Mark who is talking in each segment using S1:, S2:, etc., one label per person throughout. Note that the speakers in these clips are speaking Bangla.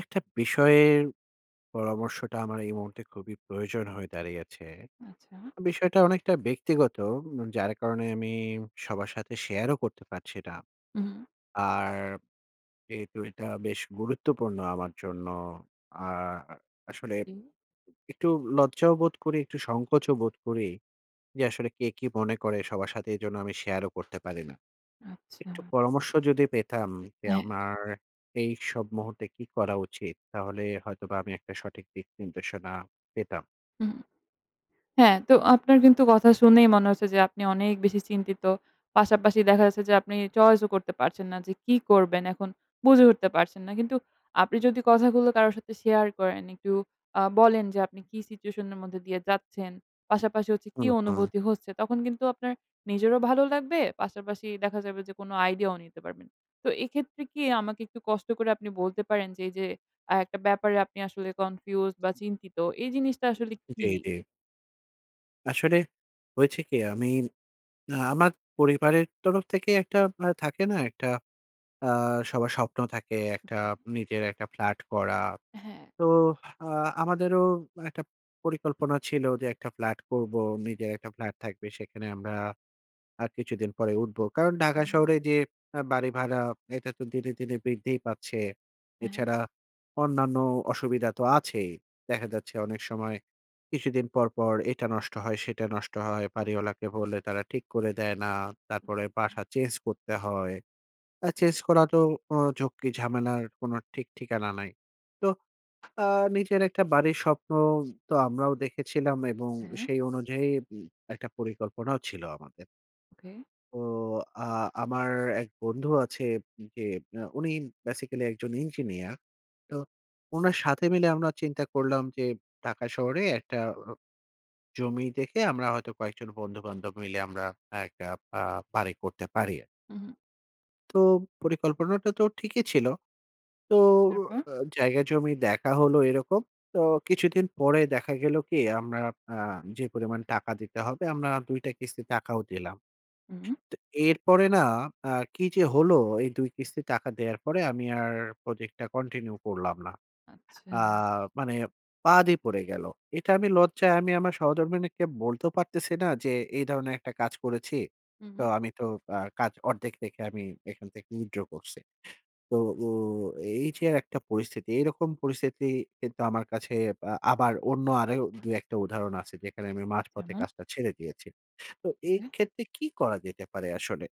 S1: একটা বিষয়ে পরামর্শটা আমার এই মুহূর্তে খুবই প্রয়োজন হয়ে দাঁড়িয়েছে।
S2: আচ্ছা?
S1: বিষয়টা অনেকটা ব্যক্তিগত। উম যার কারণে আমি সবার সাথে শেয়ারও করতে পারছি না।
S2: উম-হুম।
S1: আর যেহেতু এটা বেশ গুরুত্বপূর্ণ আমার জন্য। আর আসলে উম
S2: উম।
S1: একটু লজ্জাও বোধ করি, একটু সংকোচও বোধ করি। যে আসলে কে কি মনে করে! সবার সাথে এইজন্য আমি শেয়ারও করতে পারি না। একটু
S2: আচ্ছা।
S1: পরামর্শ যদি পেতাম, যে
S2: হ্যাঁ।
S1: আমার এইসব মুহূর্তে কি করা উচিত? তাহলে হয়তোবা আমি একটা সঠিক দিকনির্দেশনা পেতাম।
S2: হুম। হ্যাঁ, তো আপনার কিন্তু কথা শুনেই মনে হচ্ছে যে আপনি অনেক বেশি চিন্তিত। পাশাপাশি দেখা যাচ্ছে যে আপনি choice ও করতে পারছেন না যে কি করবেন? এখন বুঝে উঠতে পারছেন না। কিন্তু আপনি যদি কথাগুলো কারো সাথে শেয়ার করেন, একটু আ বলেন যে আপনি কি situation এর মধ্যে দিয়ে যাচ্ছেন? পাশাপাশি হচ্ছে কি
S1: উম-হু।
S2: অনুভূতি হচ্ছে? তখন কিন্তু আপনার নিজেরও ভালো লাগবে, পাশাপাশি দেখা যাবে যে কোনো আইডিয়াও নিতে পারবেন। তো এইক্ষেত্রে কি আমাকে একটু কষ্ট করে আপনি বলতে পারেন যে এইযে আ একটা ব্যাপারে আপনি আসলে confused বা চিন্তিত এই জিনিসটা আসলে কি?
S1: উ-জি, জি। আসলে হয়েছে কি? আমি আমার পরিবারের তরফ থেকেই একটা আ থাকে না! একটা আ সবার স্বপ্ন থাকে একটা নিজের একটা ফ্ল্যাট করা।
S2: হ্যাঁ।
S1: তো আ আমাদেরও একটা পরিকল্পনা ছিল, যে একটা ফ্ল্যাট করবো। নিজের একটা ফ্ল্যাট থাকবে। সেখানে আমরা আর কিছুদিন পরেই উঠবো। কারণ, ঢাকা
S2: হুম।
S1: শহরে যে আ বাড়ি ভাড়া, এটা তো দিনে, দিনে বৃদ্ধিই পাচ্ছে।
S2: অ্যা-হ্যাঁ।
S1: এছাড়া অন্যান্য অসুবিধা তো আছেই। দেখা যাচ্ছে অনেক সময়, কিছুদিন পরপর এটা নষ্ট হয়, সেটা নষ্ট হয়। বাড়িওয়ালাকে বললে তারা ঠিক করে দেয় না। তারপরে বাসা চেঞ্জ করতে হয়। আ চেঞ্জ করা তো অ ঝক্কি ঝামেলার কোনো ঠিক-ঠিকানা নাই। তো আ নিজের একটা বাড়ির স্বপ্ন তো আমরাও দেখেছিলাম এবং
S2: হ্যাঁ?
S1: সেই অনুযায়ী উম একটা পরিকল্পনাও ছিল আমাদের।
S2: ওকে।
S1: ও আ আমার এক বন্ধু আছে উম যে আ উনি basically একজন ইঞ্জিনিয়ার। তো ওনার সাথে মিলে আমরা চিন্তা করলাম যে, ঢাকা শহরে একটা ও জমি দেখে আমরা হয়তো কয়েকজন বন্ধু-বান্ধব মিলে আমরা একটা পা বাড়ি করতে পারি আর
S2: হুম, হুম।
S1: তো পরিকল্পনাটা তো ঠিকই ছিল। তো
S2: তারপর?
S1: অ আ জায়গা জমি দেখা হলো এরকম। তো কিছুদিন পরে দেখা গেল কি? আমরা আ যে পরিমাণ টাকা দিতে হবে আমরা না ২ টা কিস্তির টাকাও দিলাম।
S2: হুম।
S1: তো এরপরে না আ কি যে হলো এই ২ কিস্তির টাকা দেয়ার পরে আমি আর প্রজেক্টটা continue করলাম না।
S2: আচ্ছা।
S1: আ মানে বাদই পড়ে গেলো এটা আমি লজ্জায় আমি আমার সহধর্মণীকে বলতেও পারতেছি না যে, "এই ধরনের একটা কাজ করেছি।"
S2: হুম,
S1: তো
S2: হুম।
S1: আমি তো আ কাজ ১/২ দেখে আমি এখান থেকে withdraw করছি। তো ও এই যে একটা পরিস্থিতি এইরকম পরিস্থিতি কিন্তু আমার কাছে বা আবার অন্য আরও ২-১ টা উদাহরণ আছে যেখানে আমি মাঝপথে
S2: যেমন?
S1: কাজটা ছেড়ে দিয়েছি। তো এই
S2: ওকে।
S1: ক্ষেত্রে কী করা যেতে পারে আসলে?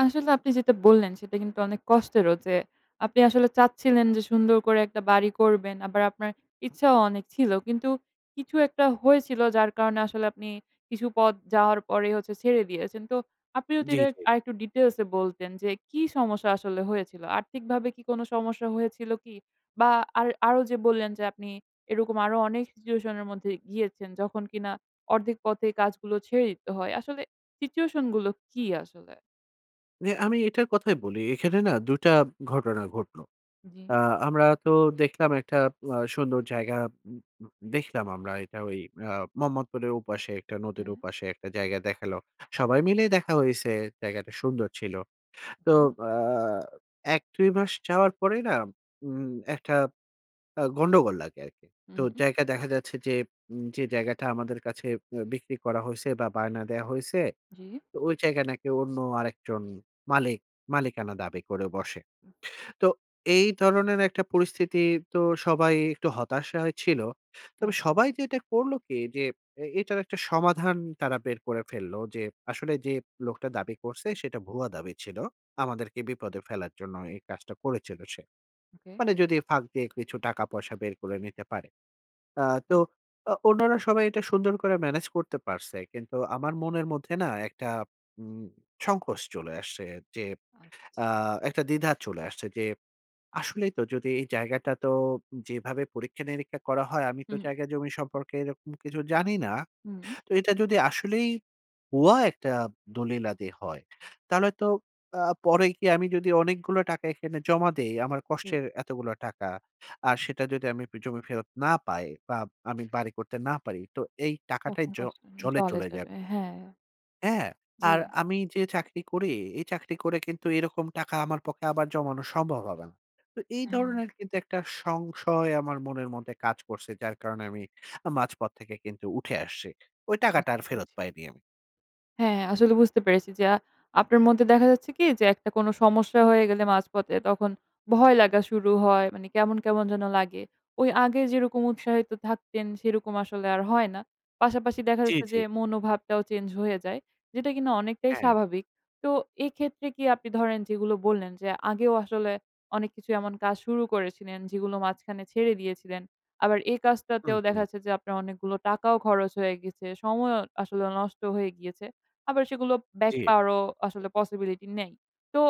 S2: আসলে আপনি যেটা বললেন সেটা কিন্তু অনেক কষ্টেরও যে আপনি আসলে চাচ্ছিলেন যে সুন্দর করে একটা বাড়ি করবেন। আবার আপনার ইচ্ছাও অনেক ছিল। কিন্তু কিছু একটা হয়েছিল যার কারণে আসলে আপনি কিছু পথ যাওয়ার পরেই হচ্ছে ছেড়ে দিয়েছেন। তো আপনি যদি
S1: জি,
S2: এটার
S1: জি।
S2: আরেকটু details এ বলতেন যে, কি সমস্যা আসলে হয়েছিল? আর্থিকভাবে কি কোনো সমস্যা হয়েছিল কি? বা আর আরো যে বললেন যে আপনি এরকম আরো অনেক situation এর মধ্যে গিয়েছেন যখন কিনা ১/২ পথেই কাজগুলো ছেড়ে দিতে হয়। আসলে situation গুলো কি আসলে?
S1: মানে আমি এইটার কথাই বলি। এখানে না ২ টা ঘটনা ঘটলো।
S2: জি।
S1: আ আমরা তো দেখলাম একটা আ সুন্দর জায়গা। উম উম দেখলাম আমরা এইটা ওই আ মোহাম্মদপুরের ওপাশে, একটা নদীর
S2: হ্যাঁ।
S1: ওপাশে একটা জায়গা দেখালো। সবাই মিলেই দেখা হইছে। জায়গাটা সুন্দর ছিল। তো
S2: ওকে।
S1: আ ১-২ মাস যাওয়ার পরেই না উম একটা আ গন্ডগোল লাগে আরকি। তো
S2: উম হুম।
S1: জায়গা দেখা যাচ্ছে যে উম যে জায়গাটা আমাদের কাছে আ বিক্রি করা হইছে বা বায়না দেওয়া হইছে,
S2: জি।
S1: তো ওই জায়গায় নাকি অন্য আরেকজন মালিক মালিকানা দাবি করে বসে। তো এই ধরনের একটা পরিস্থিতি তো সবাই একটু হতাশায় ছিল।
S2: হ্যাঁ।
S1: তবে সবাই যেটা করলো কি, যে এ এইটার একটা সমাধান তারা বের করে ফেলল। যে আসলে যে লোকটা দাবি করছে সেটা ভুয়া দাবি ছিল। আমাদেরকে বিপদে ফেলার জন্য এই কাজটা করেছিল সে।
S2: ওকে।
S1: মানে যদি ফাঁক দিয়ে কিছু টাকা-পয়সা বের করে নিতে পারে। আ তো
S2: হু।
S1: অ অন্যরা সবাই এটা সুন্দর করে ম্যানেজ করতে পারছে। কিন্তু আমার মনের মধ্যে না একটা উম সংকোচ চলে আসছে। যে
S2: আচ্ছা।
S1: আ একটা দ্বিধা চলে আসছে। যে আসলেই তো যদি এই জায়গাটা তো উম যেভাবে পরীক্ষা-নিরীক্ষা করা হয় আমি তো
S2: হুম।
S1: জায়গা জমি সম্পর্কে এরকম কিছু জানি না।
S2: হুম।
S1: তো এটা যদি আসলেই ভুয়া একটা দলিলাদি হয়, তাহলে তো আ পরে কি আমি যদি অনেকগুলো টাকা এখানে জমা দেই, আমার
S2: জি।
S1: কষ্টের এতগুলো টাকা। আর সেটা যদি আমি পি জমি ফেরত না পাই বা আমি বাড়ি করতে না পারি। তো এই টাকাটাই
S2: তখন
S1: জ
S2: কষ্ট হ
S1: জলে
S2: জলে
S1: চলে
S2: যাবে,
S1: যাবে।
S2: হ্যাঁ।
S1: হ্যাঁ। আর
S2: জি।
S1: আমি যে চাকরি করি, এই চাকরি করে কিন্তু এরকম টাকা আমার পক্ষে আবার জমানো সম্ভব হবেনা। তো এই
S2: হ্যাঁ।
S1: ধরনের কিন্তু একটা সংশয় আমার মনের মধ্যে কাজ করছে। যার কারণে আমি আ মাঝপথ থেকে কিন্তু উঠে আসছি। ওই টাকাটা
S2: বুঝতে
S1: আর ফেরত
S2: পেরেছি।
S1: পাইনি আমি।
S2: হ্যাঁ, আসলে বুঝতে পেরেছি যে, আ আপনার মধ্যে দেখা যাচ্ছে কি? যে একটা কোনো সমস্যা হয়ে গেলে মাঝপথে তখন ভয় লাগা শুরু হয়। মানে কেমন, কেমন যেন লাগে। ওই আগে যেরকম উৎসাহিত থাকতেন সেরকম আসলে আর হয় না। পাশাপাশি দেখা
S1: জি,
S2: যাচ্ছে
S1: জি।
S2: যে মনোভাবটাও চেঞ্জ হয়ে যায়। যেটা কিনা অনেকটাই
S1: হ্যাঁ।
S2: স্বাভাবিক। তো এক্ষেত্রে কি আপনি ধরেন যেগুলো বললেন যে আগেও আসলে অনেক কিছু এমন কাজ শুরু করেছিলেন যেগুলো মাঝখানে ছেড়ে দিয়েছিলেন। আবার এই
S1: হুম,
S2: কাজটাতেও দেখা
S1: হুম।
S2: যাচ্ছে যে আপনার অনেকগুলো টাকাও খরচ হয়ে গিয়েছে। সময়ও আসলে নষ্ট হয়ে গিয়েছে। আবার সেগুলো ব্যাক
S1: জী।
S2: পাওয়ারও আসলে possibility নেই। তো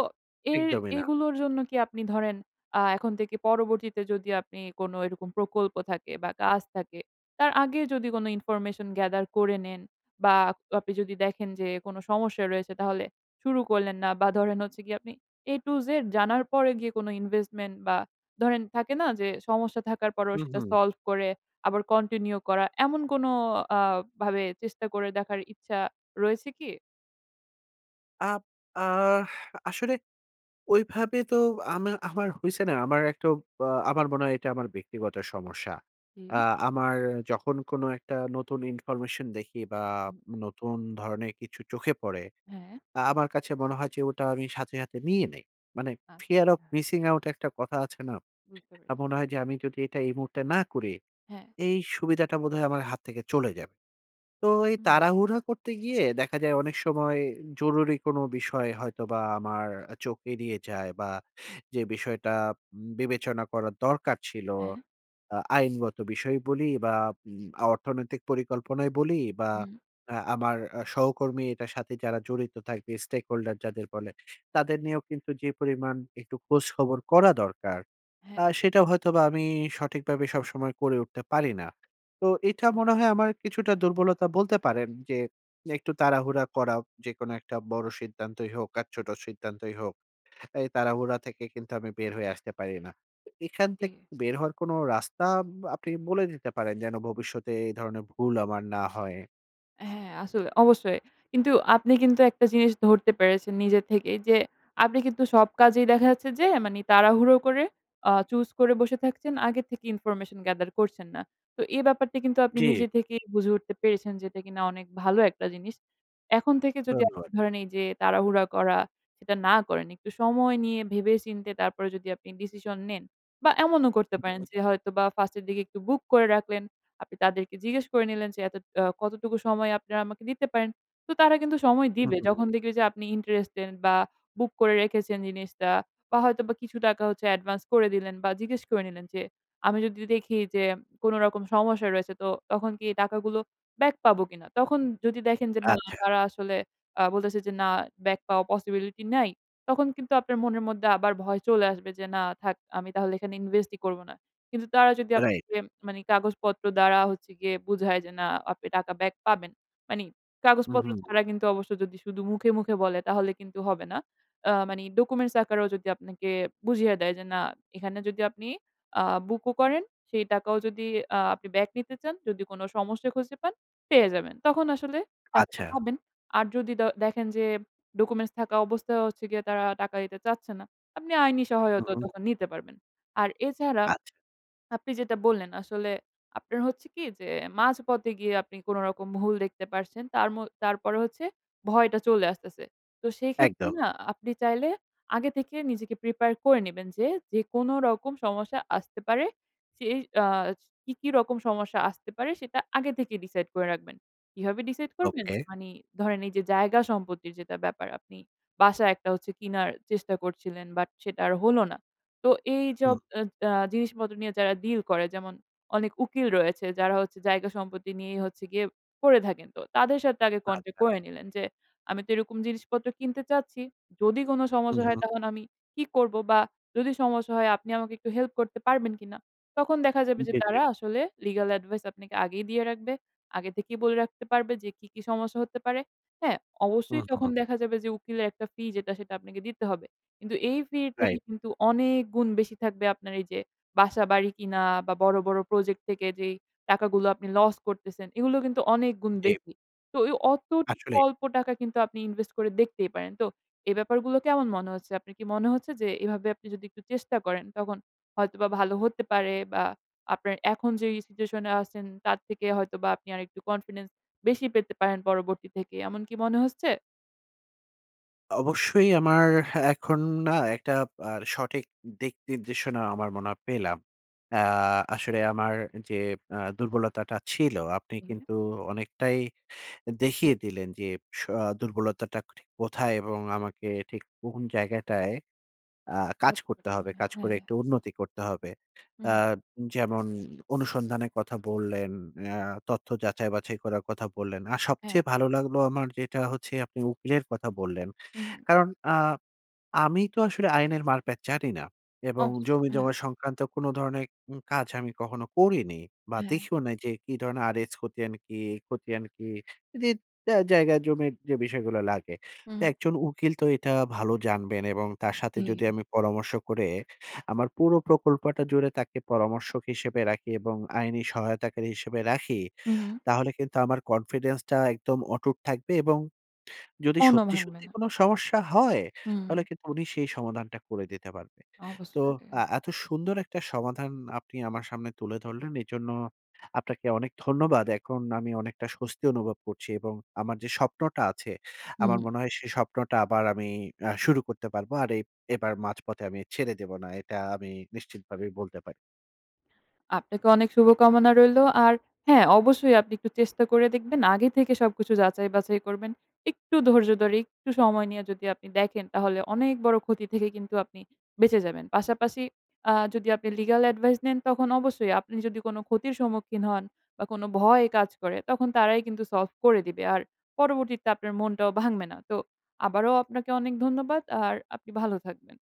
S2: এর
S1: একদমই না।
S2: এগুলোর জন্য কি আপনি ধরেন আ এখন থেকে পরবর্তীতে যদি আপনি কোনো এরকম প্রকল্প থাকে বা কাজ থাকে তার আগে যদি কোনো information gather করে নেন বা আপ আপনি যদি দেখেন যে, কোনো সমস্যা রয়েছে তাহলে শুরু করলেন না বা ধরেন হচ্ছে গিয়ে আপনি A to Z জানার পরে গিয়ে কোনো investment বা ধরেন থাকে না যে সমস্যা থাকার পরেও
S1: হুম,
S2: সেটা
S1: হুম।
S2: solve করে আবার continue করা এমন কোনো আ ভাবে চেষ্টা করে দেখার ইচ্ছা রয়েছে কি?
S1: আপ আ আসলে ওইভাবে তো আমা আমার হইছে না, আমার একটু আ আমার মনে হয় এইটা আমার ব্যক্তিগত সমস্যা। আ
S2: হুম।
S1: আমার যখন কোনো একটা নতুন information দেখি বা
S2: উ-হুম।
S1: নতুন ধরনের কিছু চোখে পড়ে,
S2: হ্যাঁ?
S1: আ আমার কাছে মনে হয় যে ওটা আমি সাথে, সাথে নিয়ে নেই। মানে fear of
S2: আচ্ছা।
S1: missing out একটা কথা আছে না?
S2: বুঝতে
S1: আ মনে
S2: পারতেছি।
S1: হয় যে, আমি যদি এটা এই মুহূর্তে না করি,
S2: হ্যাঁ।
S1: এই সুবিধাটা বোধহয় আমার হাত থেকে চলে যাবে। তো এই
S2: হুম।
S1: তাড়াহুড়া করতে গিয়ে দেখা যায় অনেক সময় জরুরি কোনো বিষয় হয়তোবা আমার আ চোখ এড়িয়ে যায়। বা যে বিষয়টা উম বিবেচনা করার দরকার ছিল,
S2: হ্যাঁ?
S1: আ আইনগত বিষয়ই বলি, বা উম অর্থনৈতিক পরিকল্পনাই বলি। বা
S2: উম-হু।
S1: আ আমার আ সহকর্মী এটার সাথে যারা জড়িত থাকবে, stakeholder যাদের বলে, তাদের নিয়েও কিন্তু যে পরিমাণ একটু খোঁজ-খবর করা দরকার,
S2: হ্যাঁ।
S1: আ সেটা হয়তোবা আমি সঠিকভাবে সবসময় করে উঠতে পারি না। তো এইটা
S2: জি।
S1: মনে হয় আমার কিছুটা দুর্বলতা বলতে পারেন যে, একটু তাড়াহুড়া করা, যেকোনো একটা বড় সিদ্ধান্তই হোক আর ছোট সিদ্ধান্তই হোক। এই তাড়াহুড়া থেকে কিন্তু আমি বের হয়ে আসতে পারি না। তো এখান
S2: জি।
S1: থেকে বের হওয়ার কোনো রাস্তা উম আপনি বলে দিতে পারেন যেন ভবিষ্যতে এই ধরনের ভুল আমার না হয়।
S2: হ্যাঁ আসলে, অবশ্যই। কিন্তু আপনি কিন্তু একটা জিনিস ধরতে পেরেছেন নিজের থেকেই যে, আপনি কিন্তু সব কাজেই দেখা যাচ্ছে যে মানে তাড়াহুড়ো করে আ choose করে বসে থাকছেন। আগে থেকে ইনফরমেশন gather করছেন না। তো এ ব্যাপারটা কিন্তু আপনি
S1: জ্বী।
S2: নিজে থেকেই বুঝে উঠতে পেরেছেন যেটা কিনা অনেক ভালো একটা জিনিস। এখন থেকে যদি আপনি
S1: ধন্যবাদ।
S2: ধরেন এই যে তাড়াহুড়া করা, সেটা না করেন। একটু সময় নিয়ে ভেবে-চিন্তে, তারপরে যদি আপনি ডিসিশন নেন। বা এমনও করতে পারেন
S1: উম-হুম।
S2: যে হয়তোবা ফার্স্ট এর দিকে একটু বুক করে রাখলেন। আপনি তাদেরকে জিজ্ঞেস করে নিলেন যে এত আ কতটুকু সময় আপনারা আমাকে দিতে পারেন? তো তারা কিন্তু সময় দিবে।
S1: উম-হুম।
S2: যখন দেখবে যে, আপনি interested বা বুক করে রেখেছেন জিনিসটা। বা হয়তোবা কিছু টাকা হচ্ছে অ্যাডভান্স করে দিলেন বা জিজ্ঞেস করে নিলেন যে, "আমি যদি দেখি যে কোনো রকম সমস্যা রয়েছে তো, তখন কি এই টাকাগুলো ব্যাক পাবো কিনা?" তখন যদি দেখেন যে না
S1: আচ্ছা।
S2: তারা আসলে আ বলতেছে যে "না ব্যাক পাওয়া possibility নাই।" তখন কিন্তু আপনার মনের মধ্যে আবার ভয় চলে আসবে যে, "না! থাক আমি তাহলে এখানে invest ই করবনা।" কিন্তু তারা যদি
S1: এ রাইট।
S2: আপনাকে মানে কাগজপত্র দ্বারা হচ্ছে গিয়ে বুঝায় যে না আপনি টাকা ব্যাক পাবেন। মানে কাগজপত্র
S1: উম-হুম।
S2: ছাড়া কিন্তু অবশ্য যদি শুধু মুখে, মুখে বলে তাহলে কিন্তু হবে না। আ মানে documents আকারেও যদি আপনাকে বুঝিয়ে দেয় যে, "না! এখানে যদি আপনি আ বুক ও করেন, সেই টাকাও যদি আ আপনি ব্যাক নিতে চান, যদি কোন সমস্যা খুঁজে পান, পেয়ে যাবেন।" তখন আসলে টাকাটা
S1: আচ্ছা।
S2: পাবেন। আর যদি দ দেখেন যে, documents থাকা অবস্থায়ও হচ্ছে গিয়ে তারা টাকা দিতে চাচ্ছে না, আপনি আইনি সহায়তা
S1: উম-হুম।
S2: তখন নিতে পারবেন। আর এছাড়া
S1: আচ্ছা।
S2: আপনি যেটা বললেন, আসলে আপনার হচ্ছে কি যে মাঝপথে গিয়ে আপনি কোনরকম ভুল দেখতে পারছেন, তারমো তারপরে হচ্ছে, ভয়টা চলে আসতেছে। তো সেইক্ষেত্রে
S1: একদম।
S2: না, আপনি চাইলে আগে থেকে নিজেকে prepare করে নিবেন যে, যে কোন রকম সমস্যা আসতে পারে সে আস কি, কি রকম সমস্যা আসতে পারে, সেটা আগে থেকে decide করে রাখবেন। কিভাবে decide করবেন?
S1: ওকে।
S2: মানে ধরেন, এই যে জায়গা-সম্পত্তির যেটা ব্যাপার আপনি বাসা একটা হচ্ছে কিনার চেষ্টা করছিলেন। বাট সেটা আর হল না। তো এইসব
S1: হুম।
S2: অ্যা জা জিনিসপত্র নিয়ে যারা deal করে, যেমন অনেক উকিল রয়েছে যারা হচ্ছে জায়গা-সম্পত্তি নিয়েই হচ্ছে গিয়ে পড়ে থাকেন, তো তাদের সাথে আগে contact
S1: আচ্ছা।
S2: করে নিলেন যে, "আমি তো এরকম জিনিসপত্র কিনতে চাচ্ছি। যদি কোন সমস্যা হয়
S1: উম-হুম।
S2: তখন আমি কি করব? বা যদি সমস্যা হয় আপনি আমাকে একটু হেল্প করতে পারবেন কিনা?" তখন দেখা যাবে যে
S1: উম-জ্বী, জ্বী।
S2: তারা আসলে legal advice আপনাকে আগেই দিয়ে রাখবে। আগে থেকেই বলে রাখতে পারবে যে কি, কি সমস্যা হতে পারে, হ্যাঁ?
S1: হুম,
S2: অবশ্যই তখন
S1: হুম।
S2: দেখা যাবে যে উকিলের একটা ফি যেটা সেটা আপনাকে দিতে হবে। কিন্তু এই ফির থেকে
S1: রাই
S2: কিন্তু অনেক গুণ বেশি থাকবে আপনার এই যে, বাসা-বাড়ি কিনা বা বড়, বড় প্রজেক্ট থেকে যেই টাকাগুলো আপনি লস করতেছেন, এগুলো কিন্তু অনেক গুণ
S1: জ্বী।
S2: বেশি। তো ওই অতটু
S1: আসলেই।
S2: অল্প টাকা কিন্তু আপনি invest করে দেখতেই পারেন। তো এই ব্যাপার গুলো কেমন মনে হচ্ছে? আপনার কি মনে হচ্ছে যে, এভাবে আপনি যদি একটু চেষ্টা করেন, তখন হয়তোবা ভালো হতে পারে? বা আপনার এখন যেই situation এ আছেন তার থেকে হয়তোবা আপনি আরেকটু confidence বেশি পেতে পারেন পরবর্তী থেকে, এমন কি মনে হচ্ছে?
S1: অবশ্যই আমার এখন না একটা আর উম সঠিক দিক নির্দেশনা আমার মনে হয় পেলাম। অ্যা আসলে আমার যে আ দুর্বলতাটা ছিল, আপনি
S2: হুম।
S1: কিন্তু অনেকটাই এ দেখিয়ে দিলেন যে, স দুর্বলতাটা ঠিক কোথায়? এবং আমাকে ঠিক কোন জায়গাটায় আ কাজ করতে হবে
S2: [unintelligible]
S1: কাজ করে
S2: হ্যা।
S1: একটু উন্নতি করতে হবে।
S2: হুম,
S1: আ
S2: হু।
S1: উম যেমন অনুসন্ধানের কথা বললেন, অ্যা তথ্য যাচাই-বাছাই করার কথা বললেন। আর
S2: হ্যাঁ।
S1: সবচেয়ে ভালো লাগলো আমার যেটা হচ্ছে, আপনি উকিলের কথা বললেন।
S2: উম-হুম।
S1: কারণ আ আমি তো আসলে আইনের মার-প্যাচ জানি না। এবং
S2: অবশ্যই হ্যাঁ।
S1: জমি-জমা সংক্রান্ত কোনো ধরনের উম কাজ আমি কখনো করিনি। বা
S2: হ্যাঁ।
S1: দেখিও নাই যে কী ধরনের আর এস খতিয়ান কি? খতিয়ান কি? দিত অ্যা জায়গা-জমির যে বিষয়গুলো লাগে। তা
S2: উম।
S1: একজন উকিল তো এটা ভালো জানবেন। এবং তার সাথে যদি
S2: জি।
S1: আমি পরামর্শ করে, আমার পুরো প্রকল্পটা জুড়ে তাকে পরামর্শক হিসেবে রাখি, এবং আইনি সহায়তাকারী হিসেবে রাখি।
S2: উম-হুম।
S1: তাহলে কিন্তু আমার confidence টা একদম অটুট থাকবে এবং যদি
S2: মনও
S1: সত্যি,
S2: ভাঙবে
S1: সত্যি
S2: না।
S1: কোনো সমস্যা হয়, তাহলে
S2: উম।
S1: কিন্তু উনি সেই সমাধানটা করে দিতে পারবে। তো
S2: অবশ্যই এ
S1: আ এত সুন্দর একটা সমাধান আপনি আমার সামনে তুলে ধরলেন, এজন্য আপনাকে অনেক ধন্যবাদ। এখন আমি অনেকটা স্বস্তি অনুভব করছি এবং আমার যে স্বপ্নটা আছে, আমার
S2: উম-হুম।
S1: মনে হয় সে স্বপ্নটা আবার আমি আ শুরু করতে পারবো। আর এব এবার মাঝপথে আমি ছেড়ে দেব না। এটা আমি নিশ্চিতভাবেই বলতে পা
S2: আপনাকে অনেক শুভকামনা রইলো। আর হ্যা অবশ্যই আপনি একটু চেষ্টা করে দেখবেন আগে থেকে সবকিছু যাচাই-বাছাই করবেন। একটু ধৈর্য ধরে, একটু সময় নিয়ে যদি আপনি দেখেন, তাহলে অনেক বড় ক্ষতি থেকে কিন্তু আপনি বেঁচে যাবেন। পাশাপাশি আ যদি আপনি legal advice নেন, তখন অবশ্যই আপনি যদি কোন ক্ষতির সম্মুখীন হন, বা কোন ভয় কাজ করে তখন তারাই কিন্তু solve করে দিবে। আর পরবর্তীতে আপনার মনটাও ভাঙবে না। তো আবারও আপনাকে অনেক ধন্যবাদ। আর আপনি ভালো থাকবেন।